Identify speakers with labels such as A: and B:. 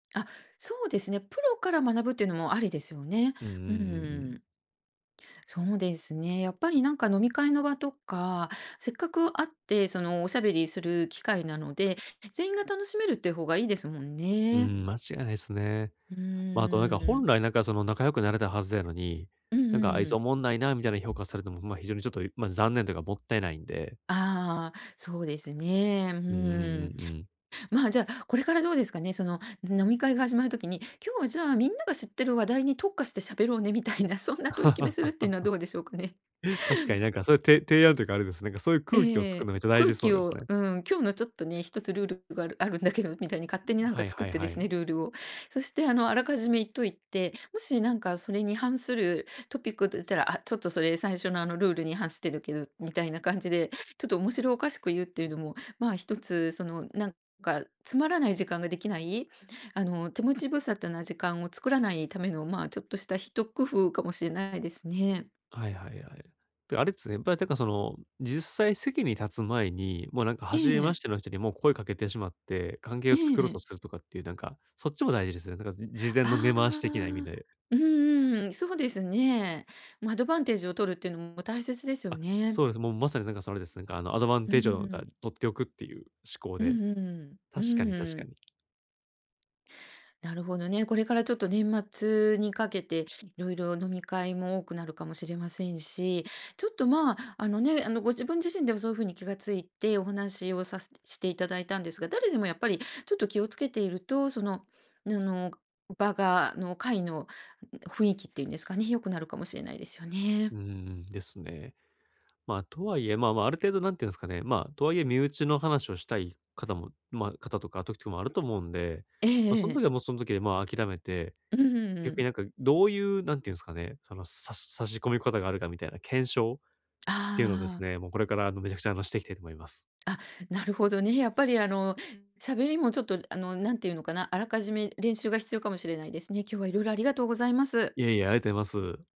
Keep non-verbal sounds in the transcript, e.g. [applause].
A: あ、そうですね、プロから学ぶっていうのもありですよね、
B: うんうん
A: うんうん
B: うんう
A: う
B: ん。
A: ん。そうですね、やっぱりなんか飲み会の場とか、せっかく会って、その、おしゃべりする機会なので、全員が楽しめるっていう方がいいですもん
B: う
A: ね。
B: ん、間違いないすね。
A: うー
B: ま、あとなんか
A: ん、う
B: 本
A: ん。
B: 来なんかその、仲良くなれたはずやのに、
A: うんう
B: 「なんかあ
A: ん
B: い
A: う
B: つ、お
A: ん。
B: もんないな」みたいな評価されても、ほんま、非常にちょっと、いま、残念というかもったいないんで
A: ああ、そうですね、う
B: うんう
A: ー
B: ん
A: ん。
B: うんうん。
A: まあ、じゃあ、これからどうですかね、その飲み会が始まる時に、「今日はじゃあ、みんなが知ってる話題に特化してしゃべろうね」みたいな、そんな取り決めするっていうのはど
B: [laughs]
A: うでしょうかね。
B: 確かになんかそゆて提案というかあれです、なんかそういう
A: ええ
B: 空
A: え
B: 気を
A: ええ
B: 作る
A: え、
B: のめっちゃ大
A: 空
B: 事そう
A: 気
B: です
A: を
B: ね。
A: うん、今日のちょっとね、1つルールがあるあるんだけどみたいに勝手に
B: ん、
A: なん
B: は
A: か
B: い
A: 作っ
B: はい
A: てで
B: は
A: すね、
B: い。
A: ルールを。そしてあの、あらかじめ言っといて、もしなんかそれに反するトピックと言ったら、「あ、ちょっとそれ最初の、あの、ルールに反してるけど」みたいな感じで、ちょっと面白おかしく言うっていうのも、まあ、1つ、その、なんかつまらない時間ができないあの、手持ち無沙汰な時間を作らないための、まあ、ちょっとした一工夫かもしれないですね。
B: はいはいはい。で、あれですね、ぱってか、その、ん実際席に立つ前に、もうなんか、
A: え
B: 初
A: え、
B: め
A: え
B: まし
A: ん。
B: ての人にもう声かけてしまって、関係
A: え
B: を
A: え
B: 作ろうと
A: ええ。
B: するとかっていうなんか、そっちも大事ですよ、なんか、じ事前
A: あ
B: の根回し的な意味
A: あ、
B: で。
A: うんうん、そうですね。ま、アドバンテージを取るっていうのも大切ですよ
B: あ、
A: ね。
B: そうです、もうまさに、なんかそれです。なんか、あの、アドバン
A: う
B: テージをか、
A: ん。
B: 取っておくっていう思考
A: う
B: で
A: んうんう
B: 確かに、
A: ん、
B: 確
A: う
B: か
A: ん。
B: に。
A: なるほどね、これからちょっと年末にかけて、いろいろ飲み会も多くなるかもしれませんし、ちょっと、まあ、あの、ね、あの、ご自分自身でもそういうふうに気がついてお話をさしていただいたんですが、誰でもやっぱりちょっと気をつけていると、その、あの、場がの、会の、ん雰囲気っていうんですかね、良くなるかもしれないですよ
B: う
A: ね。
B: ーん、ですね。ま、とはいえ、まあ、まあ、ある程度、なんて言うんすかね、まあ、とはいえ身内の話をしたい方もま、方とか時とかもあると思うんで、
A: え
B: ま、そ
A: え
B: ん
A: ええ。
B: 時はもうそん時で、まあ、諦めて、
A: う、うんう
B: 逆にな
A: ん。
B: んかどういうなんて言うんすかね、その、さし差し込み方があるかみたいな検証
A: あ
B: っていうのをです
A: あああ。
B: ね、もうこれから、あの、めちゃくちゃ、あの、していきたいと思います。
A: あ、なるほどね。やっぱり、あの、喋りもちょっと、あの、なんて言うのかな、あらかじめ練習が必要かもしれないですね。今日は色々ありがとうございます。
B: いえ、いや、ありがとういます。